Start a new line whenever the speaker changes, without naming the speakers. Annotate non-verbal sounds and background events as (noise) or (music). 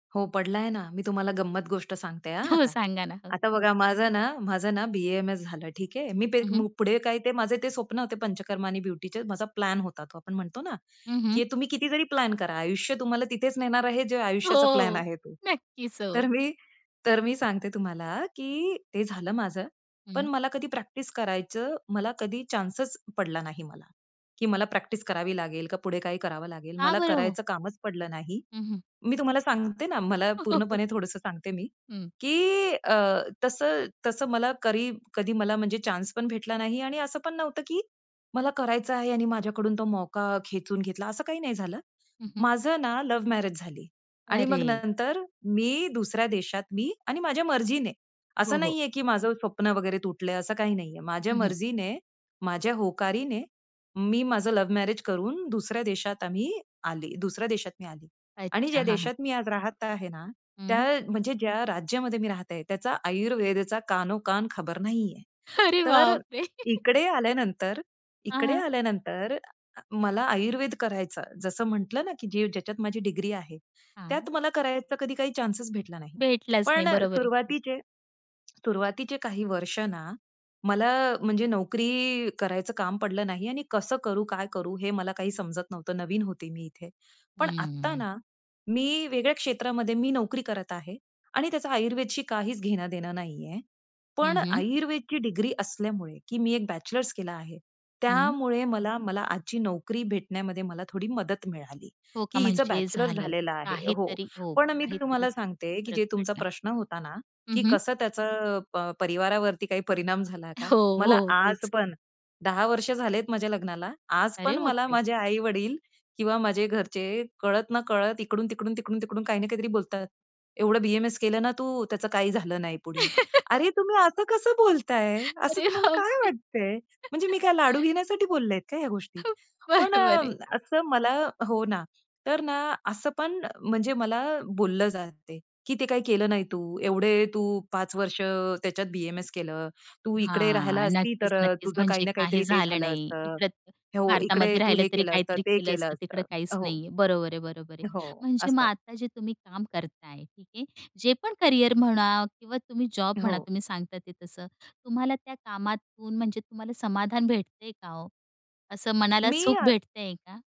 हो पडलाय ना. मी तुम्हाला गंमत गोष्ट सांगते हा
हो
आता.
सांगा ना हो
आता बघा माझं ना, माझं ना बी-ए-एम-एस झालं. ठीक आहे. मी
हं, हं.
पुढे काय ते माझे ते स्वप्न होते पंचकर्मा आणि ब्युटीचे. माझा प्लॅन होता तो. आपण म्हणतो ना,
हं, हं.
की तुम्ही कितीतरी प्लॅन करा. आयुष्य तुम्हाला तिथेच नेणार आहे जे आयुष्याचा प्लॅन
हो,
आहे. तो
नक्कीच,
तर
हो.
मी तर मी सांगते तुम्हाला, की ते झालं माझं. पण
हं.
मला कधी प्रॅक्टिस करायचं, मला कधी चान्सच पडला नाही मला. की मला प्रॅक्टिस करावी लागेल का, पुढे काही करावं लागेल.
का
मला
बरं हो?
करायचं कामच पडलं नाही.
हं, हं.
मी तुम्हाला सांगते ना, मला
(chuckles)
पूर्णपणे थोडंसं सांगते मी
हं.
की अ, तसं-तसं मला करी कधी मला म्हणजे चान्स पण भेटला नाही आणि असं पण नव्हतं की, मला करायचं आहे आणि माझ्याकडून तो मौका खेचून घेतला. असं काही नाही झालं.
हं, हं.
माझं ना लव्ह मॅरेज झाली आणि मग
अरे!
नंतर मी दुसऱ्या देशात मी आणि माझ्या मर्जीने.
हो,
असं
हो.
नाहीये की माझं स्वप्न वगैरे तुटलंय. असं काही नाहीये. माझ्या
हं, हं.
मर्जीने, माझ्या होकारीने मी माझं लव्ह मॅरेज करून दुसऱ्या देशात आम्ही आली दुसऱ्या देशात मी आली आणि
अच्छा!
ज्या
हां, हां.
देशात मी आज राहत आहे ना, त्या
हं.
म्हणजे, ज्या राज्यामध्ये मी राहते त्याचा आयुर्वेदेचा कानोकान खबर नाहीये.
अरे
तर
बाप रे! (chuckles)
इकडे आल्यानंतर,
हां,
इकडे
हां.
आल्यानंतर अ, मला आयुर्वेद करायचा. जसं म्हटलं ना, की जी ज्याच्यात माझी डिग्री आहे,
हां.
त्यात मला करायचा कधी काही चान्स भेटला नाही.
भेटलाच नाही
पण
बरोबर आहे
सुरुवातीचे सुरुवातीचे काही वर्ष ना, मला म्हणजे नोकरी करायचं काम पडलं नाही आणि कसं करू, काय करू हे मला काही समजत नव्हतं. नवीन होते मी इथे. पण आत्ता
हंम्म.
ना मी वेगळ्या क्षेत्रामध्ये मी नोकरी करत आहे आणि त्याचं आयुर्वेदशी काहीच घेणं-देणं नाहीये.
हं,
पण
हं.
आयुर्वेदची डिग्री असल्यामुळे की मी एक बॅचलर्स केला आहे
हं.
त्यामुळे, मला मला आजची नोकरी भेटण्यामध्ये मला थोडी मदत मिळाली
हो
की
का
हिचं,
म्हणजे
बॅचलर्स
झालं.
झालेला आहे हो.
काहीतरी, हो
पण मी
काहीतरी
तुम्हाला सांगते की
फरक
जे तुमचा
पडला.
प्रश्न होता ना,
हं,
की
हं.
कसं त्याचं अ, परिवारावरती काही परिणाम झाला का?
हो,
मला
हो,
आज
तेच.
पण 10 वर्ष झालेत माझ्या लग्नाला. आज
अरे
पण
बाप
मला
रे!
माझे आई-वडील किंवा माझे घरचे कळत ना कळत इकडून-तिकडून, तिकडून-तिकडून काही ना काहीतरी बोलतात. एवढं बी-एम-एस केलं ना तू, त्याचं काही झालं नाही पुढे. अरे, तुम्ही असं कसं बोलताय?
(laughs)
असं
अरे
तुम्हाला
बाप
काय
रे!
वाटतंय? म्हणजे मी काय लाडू
(chuckles)
घेण्यासाठी बोललेत का ह्या गोष्टी.
खूप
पण अ,
बरोबर आहे.
असं मला हो ना. तर ना असं पण म्हणजे मला बोललं जातंय, की ते काही केलं नाही तू. एवढे तू 5 वर्ष अ, त्याच्यात बी-एम-एस केलं. तू इकडे राहायला
हां,
असती तर अ,
नक्कीच-नक्कीच.
तुझं काही
म्हणजे
ना
काही
काहीतरी ते
झालं
झालं
नाही.
असतं.
इकडं
हो, इकडे
भारतामध्ये
तू
राहिलं
हे
तरी
केलं असतं,
काहीतरी
ते
केलं
केलं
असतं. तिकडं
असतं
काहीच
हो.
नाहीये, बरोबर आहे, बरोबर आहे.
हो,
म्हणजे मग
असं.
आता जे तुम्ही काम करताय, ठीक आहे. जे पण करिअर म्हणा किंवा तुम्ही जॉब म्हणा,
हो.
तुम्ही सांगता ते. तसं तुम्हाला त्या कामातून, म्हणजे तुम्हाला समाधान भेटतंय का हो? असं मनाला
मी
सुख
अ
भेटतंय का?